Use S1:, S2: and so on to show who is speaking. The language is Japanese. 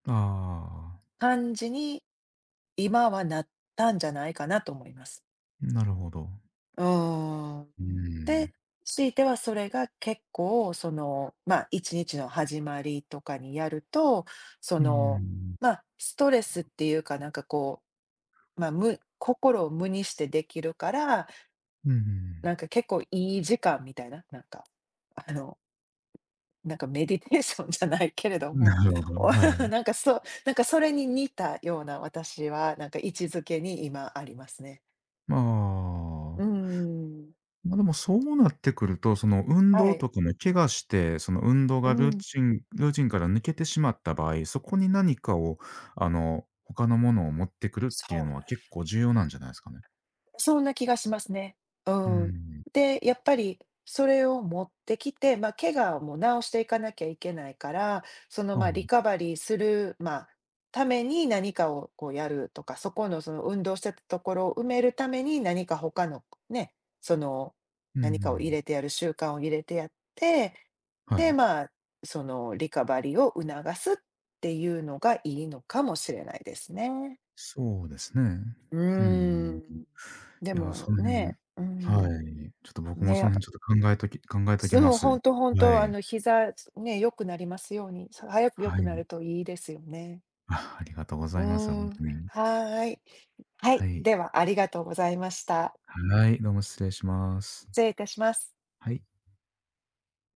S1: ああああああ。
S2: 感じに今はなったんじゃないかなと思います。
S1: なるほど。
S2: うーん。
S1: うー
S2: で、
S1: ん。
S2: しいてはそれが結構その、まあ1日の始まりとかにやると、そ
S1: うー
S2: の、
S1: ん。
S2: まあ、ストレスっていうか、なんかこう、まあ、む心を無にしてできるから、
S1: うんうんうん。
S2: なんか結構いい時間みたいな、なんか、あの。なんかメディテーションじゃないけれど
S1: な
S2: も、
S1: るほど、
S2: お、
S1: は い。
S2: なんかそう、なんかそれに似たような、私はなんか位置づけに今ありますね。
S1: ま
S2: う
S1: あ。
S2: ーん。
S1: まあでも、そうなってくると、その運
S2: は
S1: 動
S2: い。
S1: とかも怪我して、その運動
S2: う
S1: がルー
S2: ん。
S1: チンルーチンから抜けてしまった場合、そこに何かをあの、他の物を持ってくるってい
S2: そ
S1: う
S2: うなん
S1: の
S2: だ
S1: は
S2: け
S1: 結構重要なんじゃないすかね。
S2: ど。そんな気がしますね。う
S1: うー
S2: ん。
S1: ん。
S2: で、やっぱりそれを持ってきて、ま、怪我をも治していかなきゃいけないから、その、
S1: あ
S2: ま、
S1: あ。
S2: リカバリーする、まあ、ために何かをこうやるとか、そこのその運動してたところ埋めるために、何か他のね、その
S1: うんう
S2: 何かを入
S1: ん。
S2: れてやる習慣を入れてやって、
S1: は
S2: で、
S1: い。
S2: まあ、そのリカバリーを促すっていうのがいいのかもしれないですね。
S1: そうですね。
S2: う
S1: うー
S2: ー
S1: ん。い
S2: ん、で
S1: や、そ
S2: も
S1: の辺、
S2: ね、うーん。
S1: はい。ちょっと僕もそ
S2: ね。
S1: の辺ちょっと考えとき考えときま
S2: そう、
S1: す。
S2: ほんとほん
S1: は
S2: と、あ
S1: い。
S2: の膝、ね、良くなりますように、さ早く良
S1: は
S2: くな
S1: い。
S2: るといいですよね。
S1: あ、ありがとうご
S2: う
S1: ざいます。ほ
S2: ーん、
S1: んとに。
S2: はい。は
S1: は
S2: い、
S1: い。
S2: ではありがとうございました。
S1: はい、どうも失礼します。
S2: 失礼いたします。
S1: はい。